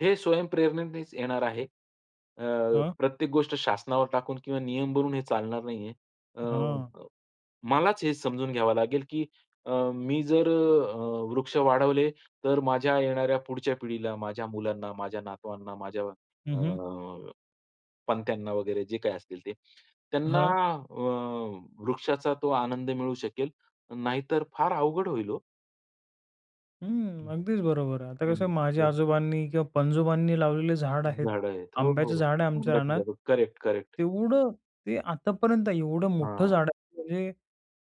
हे स्वयंप्रेरणेनेच येणार आहे. अ, हं. प्रत्येक गोष्ट शासनावर टाकून किंवा नियम भरून हे चालणार नाहीये. अ, हां. मलाच हे समजून घ्यावं लागेल की अ, मी जर अ, वृक्ष वाढवले तर माझ्या येणाऱ्या पुढच्या पिढीला, माझ्या मुलांना, माझ्या नातवांना, माझ्या हं, हं. अ, पणत्यांना वगैरे जे काही असतील ते, त्यांना हां. अ, वृक्षाचा तो आनंद मिळू शकेल. नाहीतर फार अवघड होईल हो. हं. हं, अगदीच बरोबर आहे. आता कसं हम्म, आहे, माझ्या हो. आजोबांनी किंवा पणजोबांनी लावलेले झाड आहेत. झाडं आहेत. हो, आंब्याचं हो. झाड आहे आमच्या आंब्याची रानात झाडं करेक्ट, करेक्ट. तेवढं, ते आतापर्यंत एवढं मोठं हां. झाड आहे म्हणजे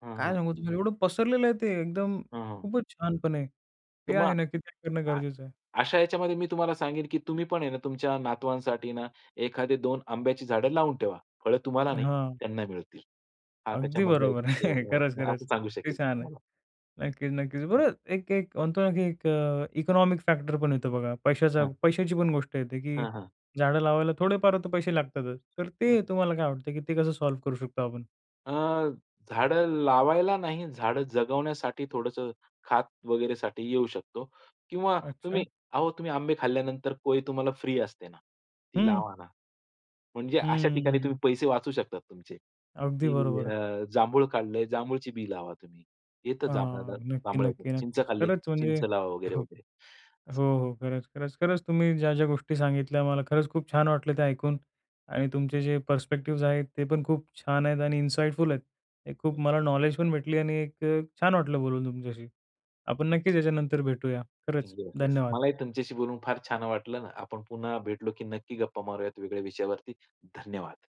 हां, काय हां. सांगू तुम्हाला? एवढं पसरलेलं आहे ते एकदम हां, हां. खूपच छानपणे. तर ते मग आहे ना [unintelligible] करणं अ, गरजेचं आहे. अशा ह्याच्यामध्ये मी तुम्हाला सांगेन, की तुम्ही पण आहे ना, तुमच्या नातवांसाठी ना, 1दी 2 आंब्याची झाडं लावून ठेवा. फळ तुम्हाला नाही हां. त्यांना मिळतील. हा अगदी त्याच्यामधला बरोबर आहे. एक असं खरंच-खरंच सांगू ते शकेल छान आहे. तुम्हाला. नक्कीच, नक्कीच. बरं एक एक म्हणतो ना, की एक अ, इकॉनॉमिक फॅक्टर पण येतो बघा. पैशाचा हां. पैशाची पण गोष्ट येते, की हां, हां. झाडं लावायला थोडेफार तर पैसे लागतातच. तर हां. ते तुम्हाला काय वाटतं, की ते कसं सॉल्व्ह करू शकतो आपण? अ, झाडं लावायला नाही, झाडं जगवण्यासाठी थोडंसं, खात वगैरेसाठी येऊ शकतो किंवा अच्छा. तुम्ही अहो तुम्ही आंबे खाल्ल्यानंतर कोय तुम्हाला फ्री असते ना? ती हं. लावा ना, म्हणजे अशा ठिकाणी तुम्ही हम्म. पैसे वाचवू शकतात तुमचे अगदी की बरोबर आहे. अ, जांभूळ खाल्ले, जांभूळची बी लावा तुम्ह. येतं जांभळ्याला, हां, नक्की, जांभळ्याचं. नक्की, चिंच नक्कीच. खाल्ली, खरंच, म्हणजे? चिंच लावा हो, वगैरे-वगैरे असं. हो. खरंच-खरंच-खरंच तुम्ही ज्या-ज्या गोष्टी सांगितल्या मला, खरंच खूप छान वाटलं ते ऐकून आणि तुमचे जे पर्स्पेक्टिव्हज आहेत, ते पण खूप छान आहेत आणि इनसाईटफुल आहेत. एक खूप मला नॉलेज पण भेटली आणि एक अ, छान वाटलं बोलून तुमच्याशी. आपण नक्कीच याच्यानंतर भेटूया. खरंच येस-येस. धन्यवाद. मलाही तुमच्याशी बोलून फार छान वाटलं ना. आपण पुन्हा भेटलो, की नक्की गप्पा मारूयात वेगळ्या विषयावरती धन्यवाद.